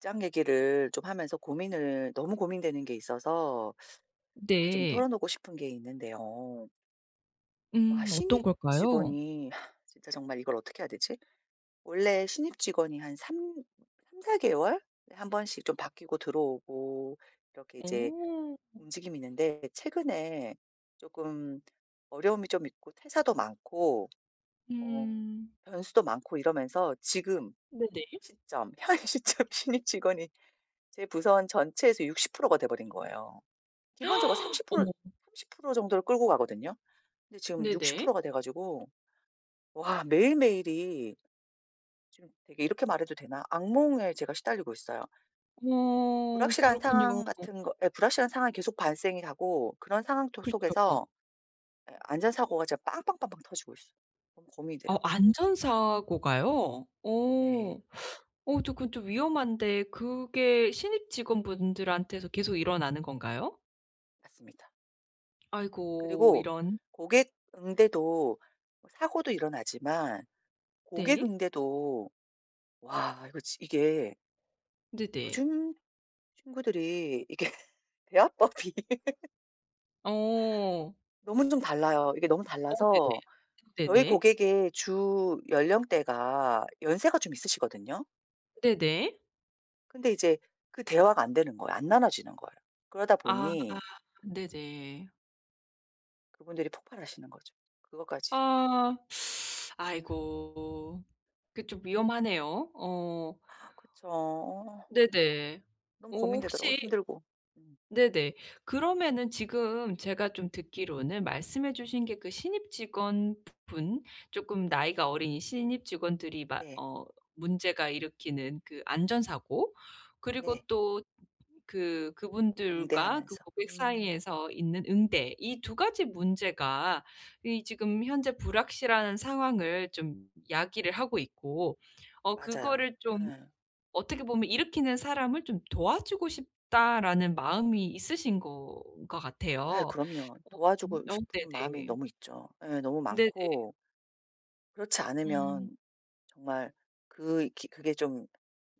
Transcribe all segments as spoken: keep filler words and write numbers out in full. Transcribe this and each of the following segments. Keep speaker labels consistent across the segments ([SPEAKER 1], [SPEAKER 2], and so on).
[SPEAKER 1] 직장 얘기를 좀 하면서 고민을 너무 고민되는 게 있어서 아 좀
[SPEAKER 2] 네.
[SPEAKER 1] 털어놓고 싶은 게 있는데요. 와
[SPEAKER 2] 음 어떤
[SPEAKER 1] 신입
[SPEAKER 2] 걸까요?
[SPEAKER 1] 직원이 진짜 정말 이걸 어떻게 해야 되지? 원래 신입 직원이 한 삼 삼사 개월에 한 번씩 좀 바뀌고 들어오고 이렇게 이제
[SPEAKER 2] 어.
[SPEAKER 1] 움직임이 있는데 최근에 쪼끔 어려움이 좀 있고 퇴사도 많고 어
[SPEAKER 2] 음.
[SPEAKER 1] 변수도 많고 이러면서 지금
[SPEAKER 2] 네네.
[SPEAKER 1] 시점 현 시점 신입 직원이 제 부서 한 전체에서 육십 프로 가 돼 버린 거예요. 기본적으로 삼십 프로
[SPEAKER 2] 어머.
[SPEAKER 1] 삼십 프로 정도를 끌고 가거든요. 근데 지금 육십
[SPEAKER 2] 네네.
[SPEAKER 1] 프로 가 돼 가지고 와 매일매일이 지금 되게 이렇게 말해도 되나? 악몽에 제가 시달리고 있어요.
[SPEAKER 2] 어
[SPEAKER 1] 불확실한
[SPEAKER 2] 그렇군요.
[SPEAKER 1] 상황 같은 거 예. 불확실한 상황이 계속 발생이 하고 그런 상황 토
[SPEAKER 2] 그렇죠.
[SPEAKER 1] 속에서 예. 안전 사고가 진짜 빵빵빵빵 터지고 있어. 너무 고민이 돼요.
[SPEAKER 2] 어 안전 사고가요? 어.
[SPEAKER 1] 네.
[SPEAKER 2] 어 저 그건 좀 위험한데 그게 신입 직원분들한테서 계속 일어나는 건가요?
[SPEAKER 1] 맞습니다.
[SPEAKER 2] 아이고.
[SPEAKER 1] 그리고
[SPEAKER 2] 이런.
[SPEAKER 1] 고객 응대도 뭐 사고도 일어나지만 고객
[SPEAKER 2] 네.
[SPEAKER 1] 응대도 와 이거 지 이게
[SPEAKER 2] 네네.
[SPEAKER 1] 요즘 친구들이 이게 대화법이
[SPEAKER 2] 어.
[SPEAKER 1] 너무 좀 달라요. 이게 너무
[SPEAKER 2] 어 네네.
[SPEAKER 1] 달라서 저희
[SPEAKER 2] 네네.
[SPEAKER 1] 고객의 주 연령대가 연세가 좀 있으시거든요.
[SPEAKER 2] 네네.
[SPEAKER 1] 근데 이제 그 대화가 안 되는 거야. 안 나누어지는 거야. 그러다
[SPEAKER 2] 아.
[SPEAKER 1] 보니
[SPEAKER 2] 네네.
[SPEAKER 1] 그분들이 폭발하시는 거죠. 그것까지.
[SPEAKER 2] 아. 아이고. 그 좀 위험하네요. 어.
[SPEAKER 1] 그쵸. 어.
[SPEAKER 2] 네네.
[SPEAKER 1] 너무
[SPEAKER 2] 어
[SPEAKER 1] 고민되더라고
[SPEAKER 2] 혹시
[SPEAKER 1] 힘들고. 음.
[SPEAKER 2] 네네. 그러면은 지금 제가 좀 듣기로는 말씀해 주신 게 그 신입 직원 부분 쪼끔 나이가 어린 신입 직원들이 막
[SPEAKER 1] 네.
[SPEAKER 2] 어 문제가 일으키는 그 안전 사고 그리고
[SPEAKER 1] 네.
[SPEAKER 2] 또 그 그분들과 그
[SPEAKER 1] 응대하면서.
[SPEAKER 2] 고객
[SPEAKER 1] 음.
[SPEAKER 2] 사이에서 있는 응대 이 두 가지 문제가 이 지금 현재 불확실한 상황을 좀 야기를 하고 있고 어
[SPEAKER 1] 맞아요.
[SPEAKER 2] 그거를 좀
[SPEAKER 1] 예.
[SPEAKER 2] 어떻게 보면 일으키는 사람을 '좀 도와주고 싶다.'라는 마음이 있으신 건 것
[SPEAKER 1] 아유
[SPEAKER 2] 같아요.
[SPEAKER 1] 그럼요.
[SPEAKER 2] 어 음
[SPEAKER 1] 도와주고
[SPEAKER 2] 어
[SPEAKER 1] 싶은 마음이
[SPEAKER 2] 네네.
[SPEAKER 1] 너무 있죠. 예. 너무
[SPEAKER 2] 네네.
[SPEAKER 1] 많고 그렇지
[SPEAKER 2] 음.
[SPEAKER 1] 않으면 정말 그 이 기 그게 좀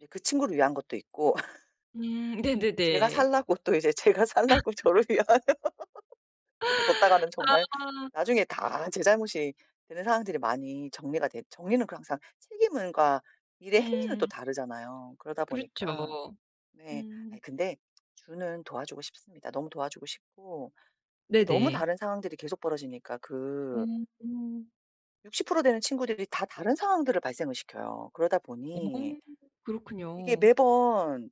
[SPEAKER 1] 예 그 친구를 위한 것도 있고
[SPEAKER 2] 음.
[SPEAKER 1] 제가
[SPEAKER 2] 네네네.
[SPEAKER 1] 살라고 또 이제 제가 살라고 저를 위한 그렇게 뒀다가는 정말
[SPEAKER 2] 아.
[SPEAKER 1] 나중에 다 제 잘못이 되는 상황들이 많이 정리가 됐 정리는 그 항상 책임은 과 일의 행위는 또
[SPEAKER 2] 음.
[SPEAKER 1] 다르잖아요. 그러다
[SPEAKER 2] 그렇죠.
[SPEAKER 1] 보니까 네.
[SPEAKER 2] 음.
[SPEAKER 1] 아이 근데 주는 도와주고 싶습니다. 너무 도와주고 싶고 근데 너무
[SPEAKER 2] 네네.
[SPEAKER 1] 다른 상황들이 계속 벌어지니까 그
[SPEAKER 2] 음 음.
[SPEAKER 1] 육십 프로 되는 친구들이 다 다른 상황들을 발생을 시켜요. 그러다
[SPEAKER 2] 어
[SPEAKER 1] 보니 이게
[SPEAKER 2] 그렇군요.
[SPEAKER 1] 매번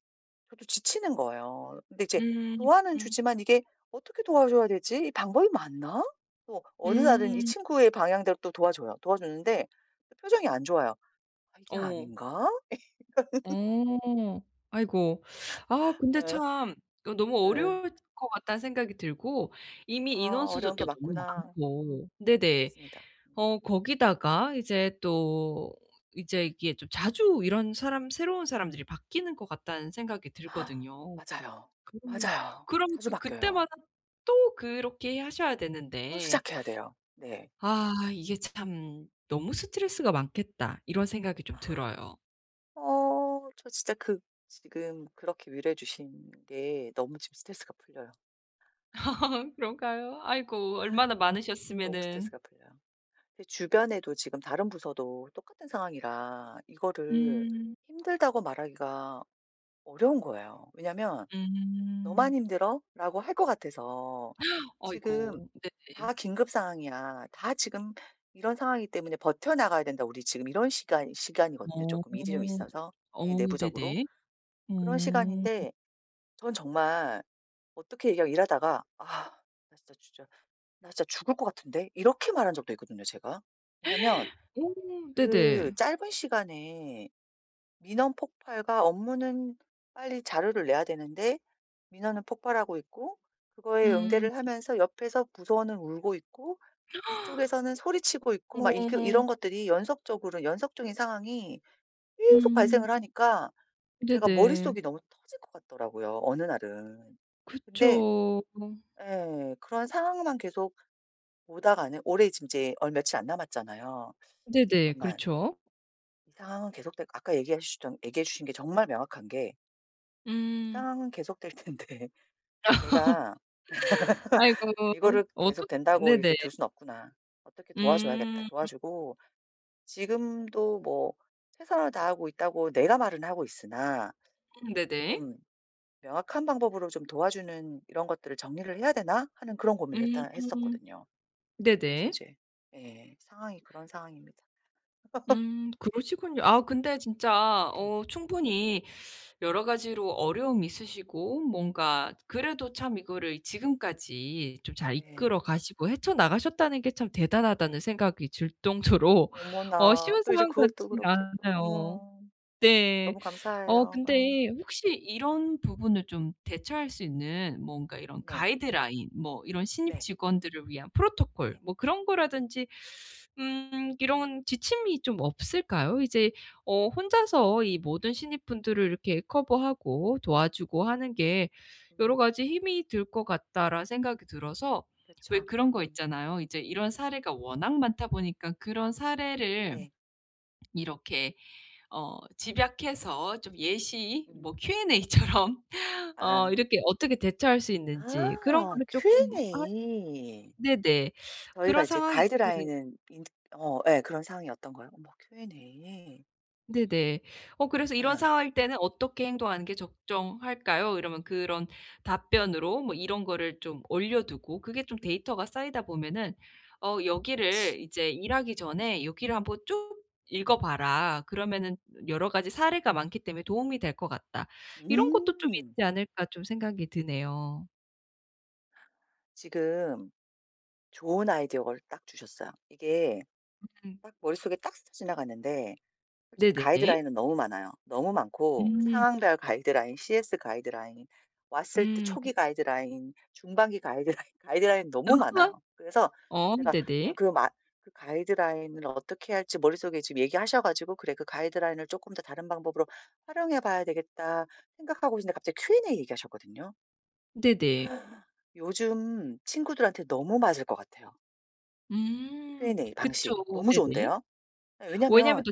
[SPEAKER 1] 저도 지치는 거예요. 근데 이제
[SPEAKER 2] 음,
[SPEAKER 1] 도와는
[SPEAKER 2] 음.
[SPEAKER 1] 주지만 이게 '어떻게 도와줘야 되지? 이 방법이 맞나?' 또 어느 날은 이
[SPEAKER 2] 음.
[SPEAKER 1] 친구의 방향대로 또 도와줘요. 도와주는데 표정이 안 좋아요. '아. 이게
[SPEAKER 2] 어.
[SPEAKER 1] 아닌가?'
[SPEAKER 2] 어. 아이고. 아 근데
[SPEAKER 1] 어.
[SPEAKER 2] 참 또 너무
[SPEAKER 1] 예.
[SPEAKER 2] 어려울 것 같다는 생각이 들고 이미
[SPEAKER 1] 아.
[SPEAKER 2] 인원수도
[SPEAKER 1] 어려운 게
[SPEAKER 2] 또 너무
[SPEAKER 1] 맞구나. 음.
[SPEAKER 2] 많고 네네.
[SPEAKER 1] 맞습니다. 음.
[SPEAKER 2] 어 거기다가 이제 또 이제 이게 좀 자주 이런 사람 새로운 사람들이 바뀌는 것 같다는 생각이 들거든요.
[SPEAKER 1] 맞아요.
[SPEAKER 2] 그러면,
[SPEAKER 1] 맞아요.
[SPEAKER 2] 그러면
[SPEAKER 1] 자주
[SPEAKER 2] 또
[SPEAKER 1] 바뀌어요.
[SPEAKER 2] 그때마다 또 그렇게 하셔야
[SPEAKER 1] 또
[SPEAKER 2] 되는데
[SPEAKER 1] 시작해야 돼요. 네.
[SPEAKER 2] 아. 이게 참 '너무 스트레스가 많겠다.' 이런 생각이 좀 들어요.
[SPEAKER 1] 어. 저 진짜 그 지금 그렇게 위로해 주신 게 너무 지금 스트레스가 풀려요.
[SPEAKER 2] 그런가요? 아이고. 얼마나
[SPEAKER 1] 너무
[SPEAKER 2] 많으셨으면은.
[SPEAKER 1] 스트레스가 풀려요. 제 주변에도 지금 다른 부서도 똑같은 상황이라 이거를
[SPEAKER 2] 음.
[SPEAKER 1] 힘들다고 말하기가 어려운 거예요. 왜냐하면 "너만
[SPEAKER 2] 음.
[SPEAKER 1] 힘들어?"라고 할 것 같아서 "지금
[SPEAKER 2] 아이고. 네네.
[SPEAKER 1] 다 긴급 상황이야. 다 지금 이런 상황이기 때문에 버텨나가야 된다, 우리 지금." 이런 시간 시간이거든요,
[SPEAKER 2] 어.
[SPEAKER 1] 쪼끔 일이 좀 있어서
[SPEAKER 2] 어
[SPEAKER 1] 예 내부적으로.
[SPEAKER 2] 네네.
[SPEAKER 1] 그런
[SPEAKER 2] 음.
[SPEAKER 1] 시간인데 저는 정말 어떻게 이러 일하다가 "아. 나 진짜 진짜 나 진짜 죽을 것 같은데." 이렇게 말한 적도 있거든요, 제가. 왜냐하면
[SPEAKER 2] 오.
[SPEAKER 1] 그
[SPEAKER 2] 네네.
[SPEAKER 1] 짧은 시간에 민원 폭발과 업무는 빨리 자료를 내야 되는데 민원은 폭발하고 있고 그거에
[SPEAKER 2] 음.
[SPEAKER 1] 응대를 하면서 옆에서 부서원은 울고 있고 이쪽에서는 소리치고 있고 막 이 그
[SPEAKER 2] 어.
[SPEAKER 1] 이런 것들이 연속적으로 연속적인 상황이 계속
[SPEAKER 2] 음.
[SPEAKER 1] 발생을 하니까 제가
[SPEAKER 2] 네네.
[SPEAKER 1] 머릿속이 너무 터질 것 같더라고요, 어느 날은. 근데
[SPEAKER 2] 그쵸.
[SPEAKER 1] 예. 그런 상황만 계속 오다가는 올해 지금 이제 얼 며칠 안 남았잖아요.
[SPEAKER 2] 네네.
[SPEAKER 1] 잠깐만.
[SPEAKER 2] 그렇죠.
[SPEAKER 1] 상황은 계속되고 아까 얘기하셨던 얘기해 주신 게 정말 명확한 게 '이
[SPEAKER 2] 음.
[SPEAKER 1] 상황은 계속될 텐데 내가
[SPEAKER 2] 아이고
[SPEAKER 1] 이거를
[SPEAKER 2] 어떻
[SPEAKER 1] 계속된다고 이렇게
[SPEAKER 2] 네네.
[SPEAKER 1] 둘 순 없구나. 어떻게 도와줘야겠다.'
[SPEAKER 2] 음. 음.
[SPEAKER 1] 도와주고 지금도 뭐 '최선을 다하고 있다.'고 내가 말은 하고 있으나
[SPEAKER 2] 음 네네.
[SPEAKER 1] '좀 명확한 방법으로 좀 도와주는 이런 것들을 정리를 해야 되나?' 하는 그런 고민을 일단
[SPEAKER 2] 음.
[SPEAKER 1] 했었거든요.
[SPEAKER 2] 네네.
[SPEAKER 1] 그러면서 이제 예. 상황이 그런 상황입니다.
[SPEAKER 2] 음 그러시군요. 아 근데 진짜
[SPEAKER 1] 예.
[SPEAKER 2] 어 충분히 여러 가지로 어려움이 있으시고 뭔가 그래도 참 이거를 지금까지 좀 잘
[SPEAKER 1] 네.
[SPEAKER 2] 이끌어 가시고 헤쳐나가셨다는 게 참 대단하다는 생각이 들 정도로 어
[SPEAKER 1] 어머나.
[SPEAKER 2] 쉬운
[SPEAKER 1] 또 이제
[SPEAKER 2] 사람
[SPEAKER 1] 그걸 또
[SPEAKER 2] 같진
[SPEAKER 1] 그렇게 또
[SPEAKER 2] 않아요.
[SPEAKER 1] 어머.
[SPEAKER 2] 네.
[SPEAKER 1] 너무
[SPEAKER 2] 어
[SPEAKER 1] 감사해요. 예.
[SPEAKER 2] 근데 혹시 이런 부분을 좀 대처할 수 있는 뭔가 이런
[SPEAKER 1] 네.
[SPEAKER 2] 가이드라인 뭐 이런 신입
[SPEAKER 1] 네.
[SPEAKER 2] 직원들을 위한 프로토콜
[SPEAKER 1] 예.
[SPEAKER 2] 뭐 그런 거라든지 음 이런 지침이 좀 없을까요? 이제 어 ‘혼자서 이 모든 신입분들을 이렇게 커버하고 도와주고 하는 게 여러
[SPEAKER 1] 음.
[SPEAKER 2] 가지 힘이 들 것 같다.‘라는 생각이 들어서. 왜
[SPEAKER 1] 그쵸.
[SPEAKER 2] 그런 거
[SPEAKER 1] 음.
[SPEAKER 2] 있잖아요. 이제 이런 사례가 워낙 많다 보니까 그런 사례를
[SPEAKER 1] 네.
[SPEAKER 2] 이렇게 어 집약해서 좀 예시
[SPEAKER 1] 음.
[SPEAKER 2] 뭐 Q&A처럼 어
[SPEAKER 1] 아.
[SPEAKER 2] 이렇게 어떻게 대처할 수 있는지 그런
[SPEAKER 1] 아.
[SPEAKER 2] 거를 쪼끔 할
[SPEAKER 1] Q&A.
[SPEAKER 2] 네네.
[SPEAKER 1] 저희가
[SPEAKER 2] 그런
[SPEAKER 1] 이제
[SPEAKER 2] 상황이 있으면은
[SPEAKER 1] 가이드라인은 인제 어 예. 그런 상황이었던 거예요. 어머. Q&A.
[SPEAKER 2] 네네. 어 그래서 "이런
[SPEAKER 1] 예.
[SPEAKER 2] 상황일 때는 어떻게 행동하는 게 적정할까요?" 이러면 그런 답변으로 뭐 이런 거를 좀 올려두고 그게 좀 데이터가 쌓이다 보면은 어
[SPEAKER 1] 그렇지.
[SPEAKER 2] 여기를 이제 "일하기
[SPEAKER 1] 예.
[SPEAKER 2] 전에 여기를 한번 쭉 읽어봐라. 그러면은 여러 가지 사례가 많기 때문에 도움이 될 것 같다." '이런 것도 좀
[SPEAKER 1] 음.
[SPEAKER 2] 있지 않을까.' 좀 생각이 드네요.
[SPEAKER 1] 지금 좋은 아이디어를 딱 주셨어요. 이게
[SPEAKER 2] 음.
[SPEAKER 1] 딱 머릿속에 딱 스쳐 지나갔는데 솔직히
[SPEAKER 2] 네네.
[SPEAKER 1] 가이드라인은 너무 많아요. 너무 많고
[SPEAKER 2] 음.
[SPEAKER 1] 상황별 가이드라인, CS 가이드라인, 왔을 때
[SPEAKER 2] 음.
[SPEAKER 1] 초기 가이드라인, 중반기 가이드라인 가이드라인이 너무 많아요. 그래서
[SPEAKER 2] 어
[SPEAKER 1] 제가 아
[SPEAKER 2] 네네.
[SPEAKER 1] 그 마 그 가이드라인을 어떻게 할지 머릿속에 지금 얘기하셔 가지고 '그래. 그 가이드라인을 쪼끔 더 다른 방법으로 활용해 봐야 되겠다.' 생각하고 있었는데 갑자기 Q&A 얘기하셨거든요.
[SPEAKER 2] 네네.
[SPEAKER 1] 요즘 친구들한테 너무 맞을 것 같아요.
[SPEAKER 2] 음.
[SPEAKER 1] Q&A
[SPEAKER 2] 그쵸.
[SPEAKER 1] 방식 너무
[SPEAKER 2] 네네.
[SPEAKER 1] 좋은데요? 예.
[SPEAKER 2] 왜냐하면
[SPEAKER 1] 왜냐하면
[SPEAKER 2] 또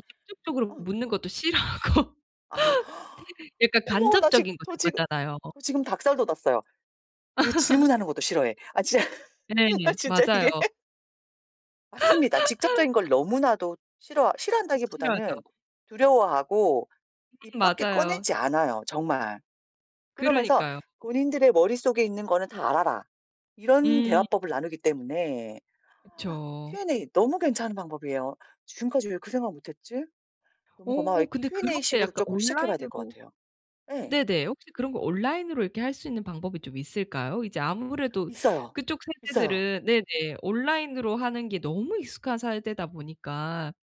[SPEAKER 1] 어.
[SPEAKER 2] 직접적으로 묻는
[SPEAKER 1] 어.
[SPEAKER 2] 것도 싫어하고
[SPEAKER 1] 아.
[SPEAKER 2] 네. 약간
[SPEAKER 1] 어머 나 지금
[SPEAKER 2] 간접적인 거
[SPEAKER 1] 저 지금
[SPEAKER 2] 좋아하잖아요.
[SPEAKER 1] 저 지금 닭살 돋았어요. 그 질문하는 것도 싫어해. 아 진짜
[SPEAKER 2] 네.
[SPEAKER 1] 나 진짜
[SPEAKER 2] 맞아요.
[SPEAKER 1] 이게 맞습니다. 직접적인 걸 너무나도 싫어 싫어한다기보다는
[SPEAKER 2] 싫어도.
[SPEAKER 1] 두려워하고
[SPEAKER 2] 음.
[SPEAKER 1] 입 밖에
[SPEAKER 2] 맞아요.
[SPEAKER 1] 꺼내지 않아요, 정말. 그러면서
[SPEAKER 2] 그러니까요.
[SPEAKER 1] "본인들의 머릿속에 있는 거는 다 알아라." 이런
[SPEAKER 2] 음.
[SPEAKER 1] 대화법을 나누기 때문에.
[SPEAKER 2] 그쵸.
[SPEAKER 1] Q&A 너무 괜찮은 방법이에요. 지금까지 왜 그 생각을 못 했지? 너무 고마워요.
[SPEAKER 2] 오.
[SPEAKER 1] 이
[SPEAKER 2] 근데
[SPEAKER 1] Q&A
[SPEAKER 2] 그렇게
[SPEAKER 1] 식으로
[SPEAKER 2] 약간
[SPEAKER 1] 조금 시작해 봐야 될 것
[SPEAKER 2] 온라인으로
[SPEAKER 1] 같아요. 예.
[SPEAKER 2] 네네. 혹시 그런 거 온라인으로 이렇게 할 수 있는 방법이 좀 있을까요? 이제 아무래도
[SPEAKER 1] 있어요.
[SPEAKER 2] 그쪽
[SPEAKER 1] 있어요.
[SPEAKER 2] 세대들은 네네, 온라인으로 하는 게 너무 익숙한 사에대다 보니까.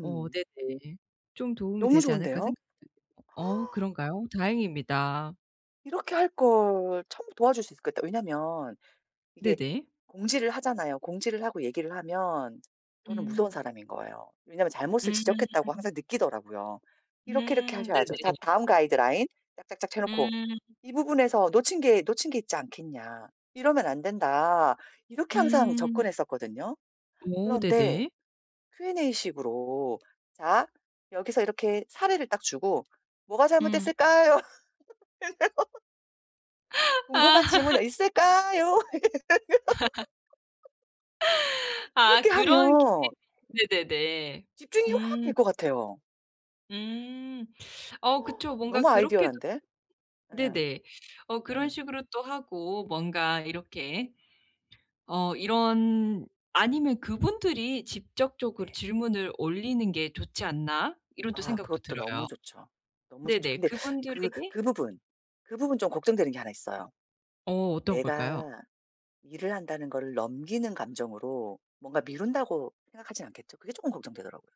[SPEAKER 2] 어 네네. 좀 도움이
[SPEAKER 1] 너무
[SPEAKER 2] 되지 않을까
[SPEAKER 1] 좋은데요?
[SPEAKER 2] 생각되네요? 어 그런가요? 다행입니다.
[SPEAKER 1] 이렇게 할걸. 처음부터 도와줄 수 있었겠다. 왜냐하면 이게
[SPEAKER 2] 네네.
[SPEAKER 1] 공지를 하잖아요. 공지를 하고 얘기를 하면 저는 무서운
[SPEAKER 2] 음.
[SPEAKER 1] 사람인 거예요. 왜냐하면 잘못을
[SPEAKER 2] 음.
[SPEAKER 1] 지적했다고 항상 느끼더라고요. "이렇게, 이렇게
[SPEAKER 2] 음.
[SPEAKER 1] 하셔야죠. 자.
[SPEAKER 2] 네네.
[SPEAKER 1] 다음 가이드라인." 짝, 짝, 짝 채 놓고
[SPEAKER 2] 음.
[SPEAKER 1] "이 부분에서 놓친 게 놓친 게 있지 않겠냐. 이러면 안 된다." 이렇게 항상
[SPEAKER 2] 음.
[SPEAKER 1] 접근했었거든요.
[SPEAKER 2] 오.
[SPEAKER 1] 그런데
[SPEAKER 2] 네네.
[SPEAKER 1] Q&A식으로 "자. 여기서 이렇게" 사례를 딱 주고 "뭐가
[SPEAKER 2] 음.
[SPEAKER 1] 잘못됐을까요?" "궁금한 질문 있을까요?" 이렇게 하면.
[SPEAKER 2] 아.
[SPEAKER 1] 그렇게
[SPEAKER 2] 그런
[SPEAKER 1] 하면
[SPEAKER 2] Q&A. 네네네.
[SPEAKER 1] 집중이 확 될
[SPEAKER 2] 음.
[SPEAKER 1] 것 같아요.
[SPEAKER 2] 음. 어 그쵸. 뭔가
[SPEAKER 1] 너무
[SPEAKER 2] 그렇게도
[SPEAKER 1] 아이디얼한데. 예
[SPEAKER 2] 네네. 어 그런
[SPEAKER 1] 예.
[SPEAKER 2] 식으로 또 하고 뭔가 이렇게 어 이런 ‘아니면 그분들이 직접적으로
[SPEAKER 1] 네.
[SPEAKER 2] 질문을 올리는 게 좋지 않나.‘ 이런 또
[SPEAKER 1] 아
[SPEAKER 2] 생각도
[SPEAKER 1] 그것도 너무
[SPEAKER 2] 들어요.
[SPEAKER 1] 좋죠, 너무 좋죠.
[SPEAKER 2] 네네
[SPEAKER 1] 근데 그
[SPEAKER 2] 그분들에게
[SPEAKER 1] 그 부분, 그 부분 좀 걱정되는 게 하나 있어요.
[SPEAKER 2] 어. 어떤 걸까요?
[SPEAKER 1] 내가 일을 한다는 거를 넘기는 감정으로 ‘뭔가 미룬다.‘고 생각하지는 않겠죠? 그게 쪼끔 걱정되더라고요.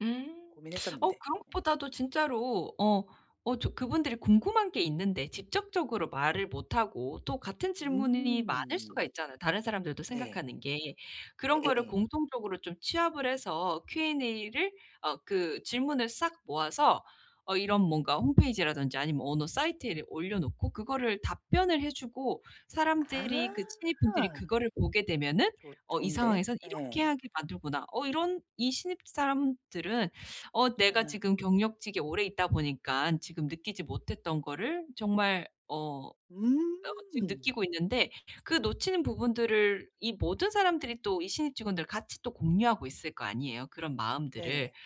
[SPEAKER 2] 음. 어
[SPEAKER 1] 고민했었는데.
[SPEAKER 2] 그런
[SPEAKER 1] 음.
[SPEAKER 2] 것보다도 진짜로 어 어 저 그분들이 궁금한 게 있는데 직접적으로 말을 못 하고 또 같은 질문이 많을 수가
[SPEAKER 1] 음.
[SPEAKER 2] 있잖아요 다른 사람들도
[SPEAKER 1] 네.
[SPEAKER 2] 생각하는 게. 그런 거를
[SPEAKER 1] 예예예.
[SPEAKER 2] 공통적으로 좀 취합을 해서 Q&A를 어 그 질문을 싹 모아서 어 이런 뭔가 홈페이지라든지 아니면 어느 사이트에 올려놓고 그거를 답변을 해 주고 사람들이 그 신입분들이
[SPEAKER 1] 아.
[SPEAKER 2] 그거를 보게 되면은
[SPEAKER 1] 조
[SPEAKER 2] ‘어 이
[SPEAKER 1] 좋은데?
[SPEAKER 2] 상황에서 이렇게
[SPEAKER 1] 예.
[SPEAKER 2] 하게 만들구나.‘ 어 이런 이 신입 사람들은 어 내가
[SPEAKER 1] 예.
[SPEAKER 2] 지금 경력직에 오래 있다 보니까는 지금 느끼지 못했던 거를 정말 어
[SPEAKER 1] 음.
[SPEAKER 2] [unintelligible] 어 지금 느끼고 있는데 그 놓치는 부분들을 이 모든 사람들이 또 이 신입 직원들 같이 또 공유하고 있을 거 아니에요 그런 마음들을.
[SPEAKER 1] 네.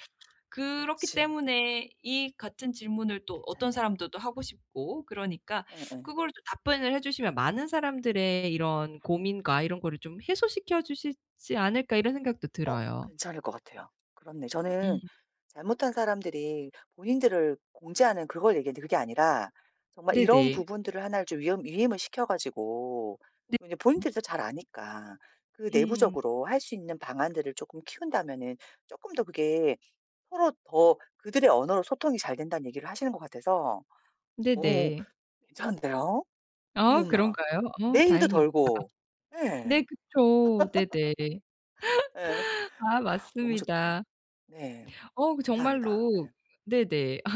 [SPEAKER 2] 그렇기
[SPEAKER 1] 그렇지.
[SPEAKER 2] 때문에 이 같은 질문을 또 어떤
[SPEAKER 1] 괜찮네.
[SPEAKER 2] 사람들도 하고 싶고 그러니까
[SPEAKER 1] 예예.
[SPEAKER 2] 그걸 또 답변을 해 주시면 ‘많은 사람들의 이런 고민과 이런 거를 좀 해소시켜 주시지 않을까.‘ 이런 생각도
[SPEAKER 1] 어.
[SPEAKER 2] 들어요.
[SPEAKER 1] 괜찮을 것 같아요. 그렇네. 저는
[SPEAKER 2] 음.
[SPEAKER 1] 잘못한 사람들이 본인들을 공지하는 그걸 얘기하는데 그게 아니라 정말 이런
[SPEAKER 2] 네네.
[SPEAKER 1] 부분들을 하나를 좀 위엄 위임을 시켜 가지고
[SPEAKER 2] 네.
[SPEAKER 1] 이제
[SPEAKER 2] 음.
[SPEAKER 1] 본인들이 더 잘 아니까 그
[SPEAKER 2] 음.
[SPEAKER 1] 내부적으로 할 수 있는 방안들을 쪼끔 키운다면은 쪼끔 더 그게 ‘서로 더 그들의 언어로 소통이 잘 된다.‘는 얘기를 하시는 것 같아서 어
[SPEAKER 2] 네네.
[SPEAKER 1] 괜찮은데요.
[SPEAKER 2] 아
[SPEAKER 1] 어머나.
[SPEAKER 2] 그런가요? 어
[SPEAKER 1] 내 일도
[SPEAKER 2] 다행입니다.
[SPEAKER 1] 덜고
[SPEAKER 2] 네
[SPEAKER 1] 예.
[SPEAKER 2] 그쵸. 네네.
[SPEAKER 1] 예.
[SPEAKER 2] 아
[SPEAKER 1] 너무 좋다.
[SPEAKER 2] 맞습니다.
[SPEAKER 1] 네
[SPEAKER 2] 어 그
[SPEAKER 1] 감사합니다.
[SPEAKER 2] 정말로
[SPEAKER 1] 예.
[SPEAKER 2] 네네. 아.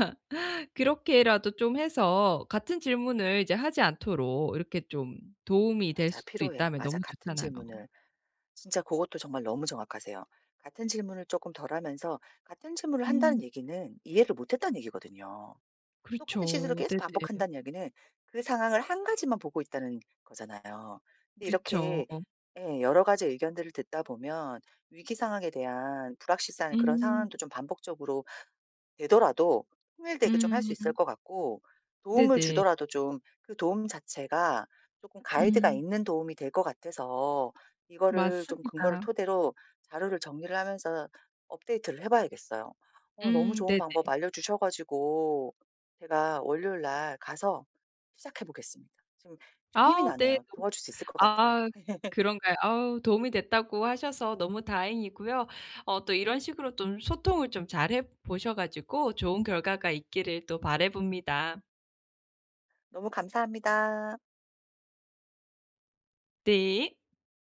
[SPEAKER 2] 그렇게라도 좀 해서 같은 질문을 이제 하지 않도록 이렇게 좀 도움이 될
[SPEAKER 1] 맞아
[SPEAKER 2] 수도
[SPEAKER 1] 필요해.
[SPEAKER 2] 있다면
[SPEAKER 1] 맞아
[SPEAKER 2] 너무
[SPEAKER 1] 같은
[SPEAKER 2] 좋잖아요.
[SPEAKER 1] 질문을 진짜 고것도 정말 너무 정확하세요. 같은 질문을 쪼끔 덜 하면서 ‘같은 질문을 한다.‘는
[SPEAKER 2] 음.
[SPEAKER 1] 얘기는 ‘이해를 못 했다.‘는 얘기거든요. ‘똑같은 실수를
[SPEAKER 2] 그렇죠.
[SPEAKER 1] 계속
[SPEAKER 2] 네네.
[SPEAKER 1] 반복한다.‘는 얘기는 ‘그 상황을 한 가지만 보고 있다.‘는 거잖아요. 근데
[SPEAKER 2] 그렇죠.
[SPEAKER 1] 이렇게 예. 여러 가지 의견들을 듣다 보면 위기 상황에 대한 불확실한 그런
[SPEAKER 2] 음.
[SPEAKER 1] 상황도 좀 반복적으로 되더라도 통일되게 좀 할 수 있을
[SPEAKER 2] 음.
[SPEAKER 1] 것 같고 도움을
[SPEAKER 2] 네네.
[SPEAKER 1] 주더라도 좀 그 도움 자체가 쪼끔 가이드가
[SPEAKER 2] 음.
[SPEAKER 1] 있는 도움이 될 것 같아서 이거를 좀 근거를
[SPEAKER 2] 맞습니다.
[SPEAKER 1] 토대로 자료를 정리를 하면서 업데이트를 해 봐야겠어요. 어 너무
[SPEAKER 2] 음
[SPEAKER 1] 좋은
[SPEAKER 2] 네네.
[SPEAKER 1] 방법 알려주셔 가지고 제가 월요일 날 가서 시작해 보겠습니다. 지금 좀 힘이
[SPEAKER 2] 아 네.
[SPEAKER 1] 나네요. 도와줄 수 있을 것 같아요.
[SPEAKER 2] 아 그런가요? 아우 도움이 됐다고 하셔서 너무 다행이고요, 어 또 이런 식으로 좀 소통을 좀 잘해보셔 가지고 좋은 결과가 있기를 또 바라봅니다.
[SPEAKER 1] 너무 감사합니다.
[SPEAKER 2] 네.